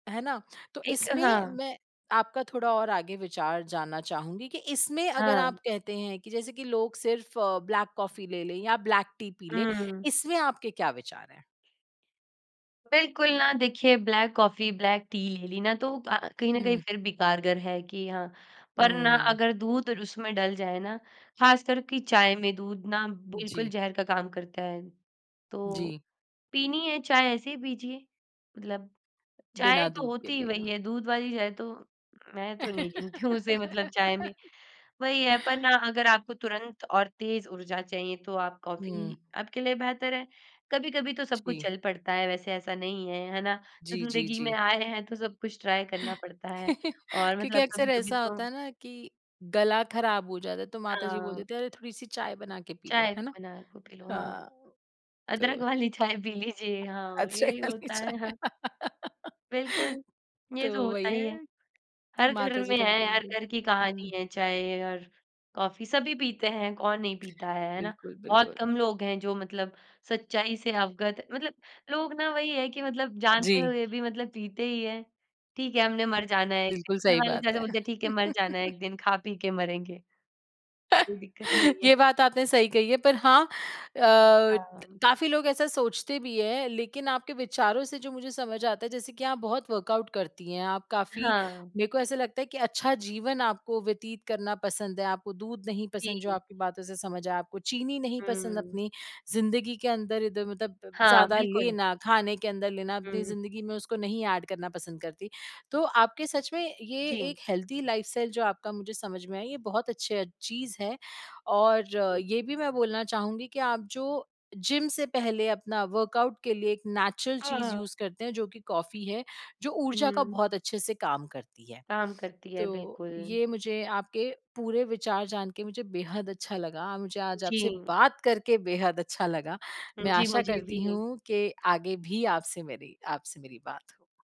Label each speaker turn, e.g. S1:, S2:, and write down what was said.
S1: है ना? तो
S2: एक
S1: इसमें
S2: हाँ
S1: मैं आपका थोड़ा और आगे विचार जानना चाहूँगी, कि इसमें अगर
S2: हाँ।
S1: आप कहते हैं कि जैसे कि लोग सिर्फ़ ब्लैक कॉफी ले लें या ब्लैक टी पी लें,
S2: हम्म।
S1: इसमें आपके क्या विचार हैं?
S2: बिल्कुल ना देखिए, ब्लैक कॉफी, ब्लैक टी ले ली ना तो वो अ, कहीं न कहीं
S1: हुँ।
S2: फिर भी कारगर है कि हाँ पर ना
S1: हम्म।
S2: अगर दूध और उसमें डल जाए ना खास कर की चाय में दूध ना बिल्कुल
S1: जी।
S2: ज़हर का काम करता है। तो,
S1: जी।
S2: पीनी है चाय ऐसे ही पीजिए, मतलब चाय
S1: बिना
S2: तो
S1: दूध के
S2: होती ही
S1: पी लो।
S2: वही है दूध वाली चाय तो मैं तो नहीं गिनती हूँ उसे मतलब चाय में। वही है पर ना अगर आपको तुरंत और तेज़ ऊर्जा चाहिए तो आप
S1: हुँ।
S2: कॉफी आपके लिए बेहतर है। कभी-कभी तो सब कुछ
S1: जी।
S2: चल पड़ता है वैसे ऐसा नहीं है, है ना?
S1: जी, जी,
S2: ज़िंदगी में
S1: जी।
S2: आए हैं तो सब कुछ ट्राई करना पड़ता है और
S1: क्योंकि
S2: मतलब
S1: अक्सर
S2: कभी-कभी
S1: ऐसा
S2: तो
S1: होता है ना कि, गला खराब हो जाता है तो माताजी बोल
S2: हाँ।
S1: देती हैं, "अरे, थोड़ी-सी चाय बना के पी लो",
S2: चाय
S1: है ना?
S2: बनाए को पी लो, हाँ।
S1: हाँ,
S2: अदरक
S1: तो
S2: वाली चाय पी लीजिए, हाँ यही
S1: अदरक वाली
S2: होता है,
S1: चाय,
S2: हाँ। बिल्कुल।
S1: तो
S2: ये तो
S1: वही
S2: होता ही है।
S1: है,
S2: हर घर
S1: माता जी
S2: में है,
S1: कभी-कभी
S2: हर घर की
S1: बोलती
S2: कहानी
S1: हुँ।
S2: है चाय और कॉफी सभी पीते हैं कौन नहीं पीता है, है ना?
S1: बिल्कुल,
S2: बहुत
S1: बिल्कुल।
S2: कम लोग हैं जो मतलब सच्चाई से अवगत मतलब लोग ना वही है कि मतलब जानते
S1: जी।
S2: हुए भी मतलब पीते ही हैं। ठीक है हमने मर जाना है एक दिन,
S1: बिल्कुल सही
S2: घरवाले
S1: बात
S2: जैसे
S1: है।
S2: बोलते हैं, "ठीक है, मर जाना एक दिन, खा-पी के मरेंगे।" कोई दिक्कत नहीं है।
S1: ये बात आपने सही कही है पर हाँ अ, द
S2: हाँ।
S1: काफ़ी लोग ऐसा सोचते भी हैं। लेकिन आपके विचारों से जो मुझे समझ आता है जैसे कि आप बहुत वर्कआउट करती हैं, आप काफ़ी
S2: हाँ।
S1: मेरको ऐसा लगता है कि अच्छा जीवन आपको व्यतीत करना पसंद है। आपको दूध नहीं पसंद जो
S2: जी।
S1: आपकी बातों से समझ आया, आपको चीनी नहीं पसंद
S2: हुँ।
S1: अपनी ज़िंदगी के अंदर इधर मतलब प
S2: हाँ,
S1: ज़्यादा
S2: बिल्कुल।
S1: लेना खाने के अंदर लेना अपनी
S2: हुँ।
S1: ज़िंदगी में उसको नहीं ऐड करना पसंद करती। तो आपके सच में ये
S2: जी।
S1: एक हेल्थी लाइफ़स्टाइल जो आपका मुझे समझ में आया ये बहुत अच्छा चीज़ है। और
S2: जी, जी।
S1: ये भी मैं बोलना चाहूँगी कि आप जो जिम से पहले अपना वर्कआउट के लिए एक नेचुरल
S2: हाँ,
S1: चीज़
S2: हाँ।
S1: यूज़ करते हैं जो कि कॉफी है जो ऊर्जा का
S2: हुँ।
S1: बहुत अच्छे से काम करती है।
S2: काम करती है,
S1: तो,
S2: बिल्कुल।
S1: ये मुझे आपके पूरे विचार जान के मुझे बेहद अच्छा लगा, मुझे आज आपसे
S2: जी।
S1: बात करके बेहद अच्छा लगा।
S2: हाँ
S1: मैं
S2: जी,
S1: आशा
S2: मुझे
S1: करती
S2: भी।
S1: हूँ कि आगे भी आपसे मेरी आपसे मेरी बात हो।